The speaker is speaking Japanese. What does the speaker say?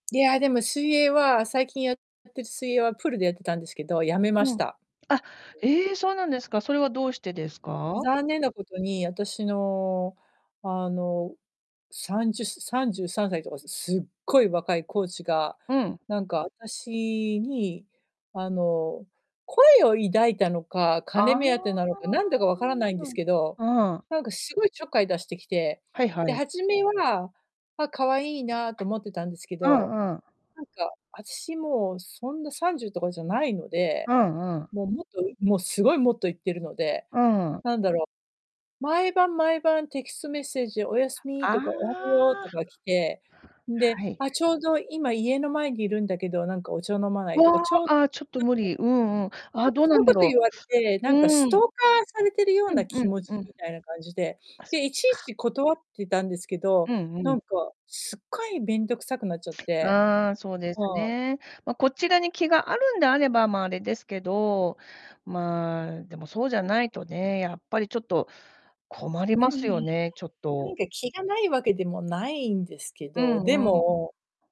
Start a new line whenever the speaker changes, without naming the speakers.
いや、でも、水泳は、最近やって水泳は、プールでやってたんですけど、やめま
う
し
ん。
た。
あ、
うん。
ええ！そうなんですか？それはどうしてですか？
残念なことに、あたしの、あの、30、す33歳とか、すすっごい若いコーチが、
うん。
なんか、あたしに、あの、好意を抱いたのか、
あああ
金目当てなの
あ
かなんだかわ
あ、
から
なる
ない
ほ
んです
ど。
けど、
うん。
なんかすごいちょっかい出してきて、
はいは
で、
い。
初めは、あ、可愛いなと思ってたんですけ
う
ど、
んうん。
なんか、あたし、もう、そんな、30とかじゃないので、
うんうん。
もう、もっと、うも、すごい、もっといってるので、なんだろう、
うん。
毎晩毎晩、テキストメッセージで「おやすみ」
あ
とか「おはよう」
あ。
とか来て、んで、
はい。
「あ、ちょうど、今、家の前にいるんだけど、なんか、お茶飲まない？」
わ
とか、ちょっと
あ！あ、ちょっと無理うんうん。
な
あ、
んか
どうな
そ
ん
う
だ
こと
ろ
言われて、
う。
なんか
う
スト
ー
ー
ん。
カーされてるよう
う
な
んう
気
ん
持
う
ち
ん。
みたいな感じで、
あ、そっ
で、いちい
か。
ち断ってたんですけど、
うんう
なん
ん。
か、すっごい面倒くさくなっちゃって。
ああ、そうで
う
す
ん。
ね。ま、こちらに気があるんであれば、ま、あれですけど、まあ、でも、そうじゃないとね、やっぱりちょっと困り
拒
ま
否、
すよ
ひ
ね、ちょっ
な
と。
んか、気がないわけでもないんですけ
う
ど、で
んうん。
も